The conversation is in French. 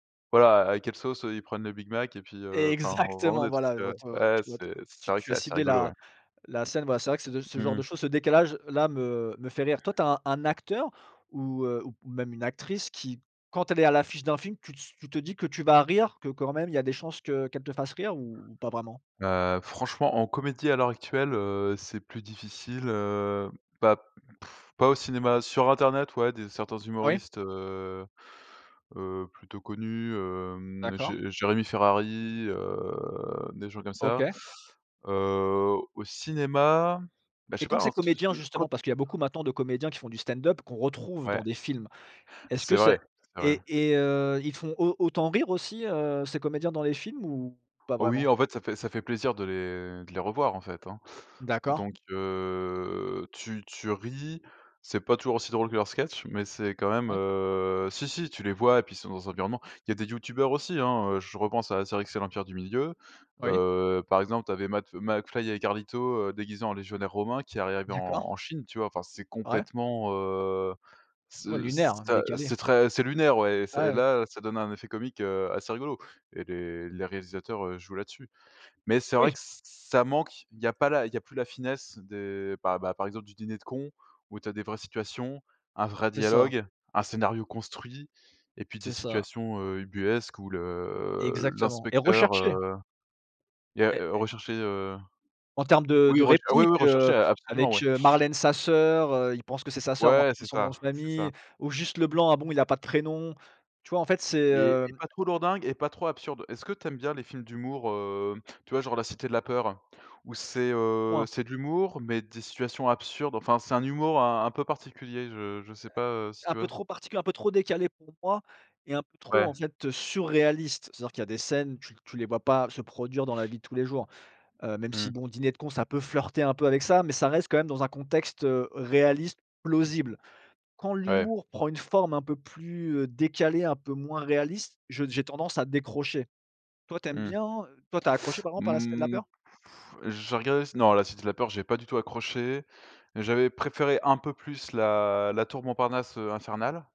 Voilà, à quelle sauce, heu, ils prennent le Big Mac et puis, heu, enfin, vraiment Exactement! des trucs, Voilà, elles vont heu, être ouais, ouais, ouais tu vois te c'est c'est tu vrai que tu as c'est assez ciblé rigolo, la ouais. la scène, voilà, c'est vrai que c'est ce g ce genre Mmh de mh. choses, ce décalage-là, me me fait rire. Toi tu as un un acteur ou heu, ou même une actrice, qui, quand elle est à l'affiche d'un film tu se tu te dis que tu vas rire, que quand même il y a des chances que qu'elle te fasse rire, ou ou pas vraiment? Heu, franchement, en comédie à l'heure actuelle, heu, c'est plus difficile, heu, bah pff, pas au cinéma. Sur internet ouais des certains Oui. humoristes, heu heu, plutôt connus, hem, D'accord. Jé Jérémy Ferrari, heu, des gens comme ça. OK. Heu, au cinéma, bah je Et sais quand pas, hein, ces se se comédiens, quand justement, parce qu'il y a beaucoup maintenant de comédiens qui font du stand-up, qu'on retrouve Ouais. dans des films, est-ce C'est que c'est vrai, c'est vrai. et et heu, ils font au autant rire aussi, heu, ces comédiens dans les films ou pas Oh oui, vraiment? en fait, ça fait ça fait plaisir de les de les revoir, en fait, hein. D'accord. Donc heu, tu tu ris, c'est pas toujours aussi drôle que leurs sketches mais c'est quand même, Ouais. heu, si, si, tu les vois, et puis ils sont dans un environnement il y a des youtubeurs aussi, hein, heu, je repense à Astérix et l'Empire du Milieu. Oui. Heu, par exemple tu avais Matt heu, McFly et Carlito, heu, déguisés en légionnaires romains qui arrivaient en D'accord. en Chine tu vois? Enfin, c'est Ouais. complètement, heu, Ouais ce lunaire, ça, heu, décalé. c'est très c'est lunaire, ouais et ça Ouais, et ouais. là, ça donne un effet comique, heu, assez rigolo et les les réalisateurs, heu, jouent là-dessus. Mais c'est vrai Oui. que ç ça manque, il y a pas la il y a plus la finesse des, bah, par exemple du Dîner de Cons, où tu as des vraies situations, un vrai C'est ça. dialogue, un scénario construit et puis des C'est ça. situations, heu, ubuesques où le Exactement et l'inspecteur, recherché! heu, il y a Et heu, recherché heu, En termes de de oui rech ah oui, réplique, oui, heu, recherché, a absolument avec, ouais. heu, Marlène Sasseur, heu, il pense que c'est sa sœur mais en Ouais, fait c'est c'est son nom ça! de C'est ça. famille ou Juste Leblanc, ah bon, il a pas de prénom? Tu vois en fait c'est, Et et heu pas trop lourdingue et pas trop absurde. Est-ce que tu aimes bien les films d'humour? Heu, tu vois genre La Cité de la Peur? Où c'est, heu, Point. c'est de l'humour mais des situations absurdes, enfin, c'est un humour un un peu particulier, je je sais pas, heu, si Un tu vois peu s trop partic un peu trop décalé pour moi et un peu trop Ouais. en fait, heu, surréaliste. C'est-à-dire qu'il y a des scènes tu tu les vois pas se produire dans la vie de tous les jours, heu, même si Mmh. bon, Diner de Cons ça peut flirter un peu avec ça mais ça reste quand même dans un contexte, heu, réaliste, plausible. Quand Ouais. l'humour prend une forme un peu plus, heu, décalée, un peu moins réaliste, je j'ai tendance à décrocher. Toi tu aimes Mmh. bien heu, toi tu as accroché par M exemple à La Cité de la mmh, Peur? j'ai regardé c non, La Cité de la Peur j'ai pas du tout accroché. Mais j'avais préféré un peu plus la la Tour Montparnasse, heu, Infernale.